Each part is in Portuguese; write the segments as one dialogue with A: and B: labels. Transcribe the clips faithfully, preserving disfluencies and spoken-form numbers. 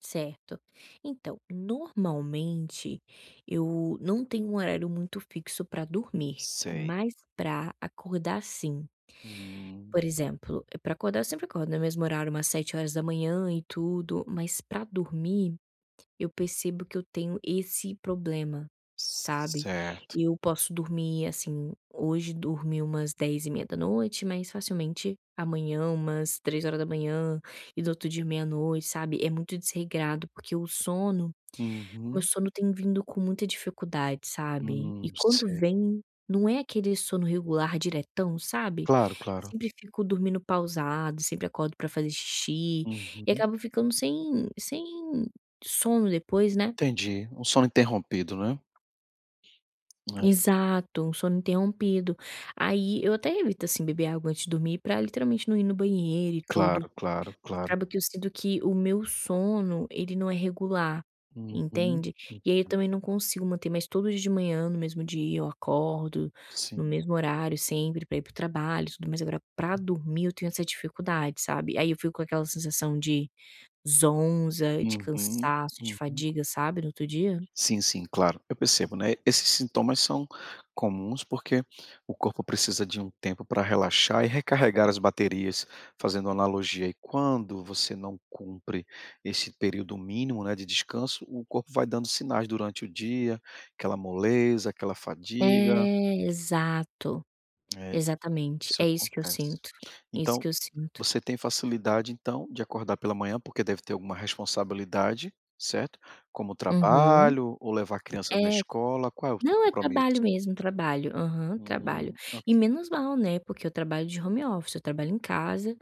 A: Certo. Então normalmente eu não tenho um horário muito fixo para dormir,
B: Sei.
A: mas para acordar sim.
B: Hum.
A: Por exemplo, para acordar eu sempre acordo no mesmo horário umas sete horas da manhã e tudo, mas para dormir eu percebo que eu tenho esse problema, sabe.
B: Certo.
A: Eu posso dormir assim, hoje dormir umas dez e meia da noite, mas facilmente amanhã umas três horas da manhã e do outro dia meia-noite sabe. É muito desregrado, porque o sono, o
B: Uhum.
A: sono tem vindo com muita dificuldade sabe. E
B: Hum
A: quando
B: sei.
A: vem não é aquele sono regular diretão, sabe?
B: Claro, claro.
A: Sempre fico dormindo pausado, sempre acordo para fazer xixi e
B: Uhum.
A: acabo ficando sem sem sono depois, né.
B: Entendi, um sono interrompido, não é. É.
A: Exato, um sono interrompido, aí eu até evito assim beber água antes de dormir para literalmente não ir no banheiro e tudo,
B: Claro claro,
A: mas
B: claro.
A: acaba que eu sinto que o meu sono ele não é regular
B: Uhum.
A: entende. E aí eu
B: [unintelligible]
A: também não consigo manter mais todo dia de manhã no mesmo dia, eu acordo no
B: Sim.
A: mesmo horário sempre, pra ir para o trabalho tudo, mas agora para dormir eu tenho essa dificuldade sabe. Aí eu fico com aquela sensação de zonza de
B: Uhum.
A: cansaço de
B: Uhum.
A: fadiga sabe no outro dia.
B: Sim, sim, claro, eu percebo, né, esses sintomas são comuns, porque o corpo precisa de um tempo para relaxar e recarregar as baterias fazendo analogia, e quando você não cumpre esse período mínimo, né, de descanso, o corpo vai dando sinais durante o dia, aquela moleza, aquela fadiga.
A: É exato,
B: É jus
A: exatamente
B: isso
A: é isso que eu
B: acontece.
A: sinto, isso
B: Então,
A: que eu sinto.
B: você tem facilidade então de acordar pela manhã, porque deve ter alguma responsabilidade, certo? Como
A: Uhum.
B: trabalho ou levar a criança
A: É.
B: na escola, qual é o seu
A: Não é
B: compromisso?
A: trabalho mesmo trabalho, aham, trabalho
B: Hum ok.
A: e menos mal, né, porque eu trabalho de home office, eu trabalho em casa,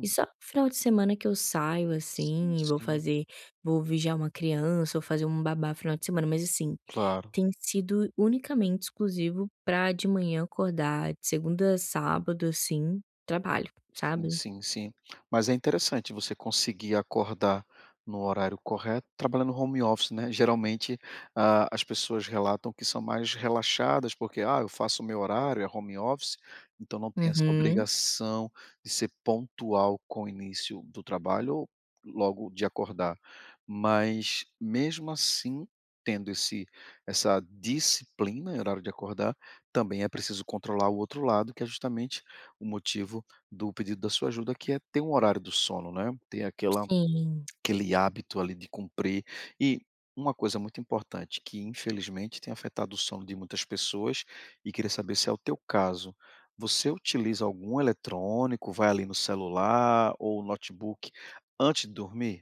A: e só final de semana que eu saio
B: Sim,
A: assim e vou
B: sim.
A: fazer vou vigiar uma criança ou fazer uma babá final de semana, mas assim
B: Claro.
A: tem sido unicamente exclusivo para de manhã acordar de segunda a sábado, assim, trabalho,
B: Sim,
A: sabe.
B: sim, sim. Mas é interessante você conseguir acordar no horário correto trabalhando home office, né, geralmente, ah, as pessoas relatam que são mais relaxadas porque, "Ah, eu faço o meu horário, é home office", então não tem essa
A: Uhum.
B: obrigação de ser pontual com o início do trabalho ou logo de acordar. Mas mesmo assim, tendo esse essa disciplina e horário de acordar, também é preciso controlar o outro lado, que é justamente o motivo do pedido da sua ajuda, que é ter um horário do sono não é, ter aquela
A: Sim.
B: aquele hábito ali de cumprir, e uma coisa muito importante que infelizmente tem afetado o sono de muitas pessoas, e queria saber se é o teu caso, você utiliza algum eletrônico, vai ali no celular ou notebook antes de dormir?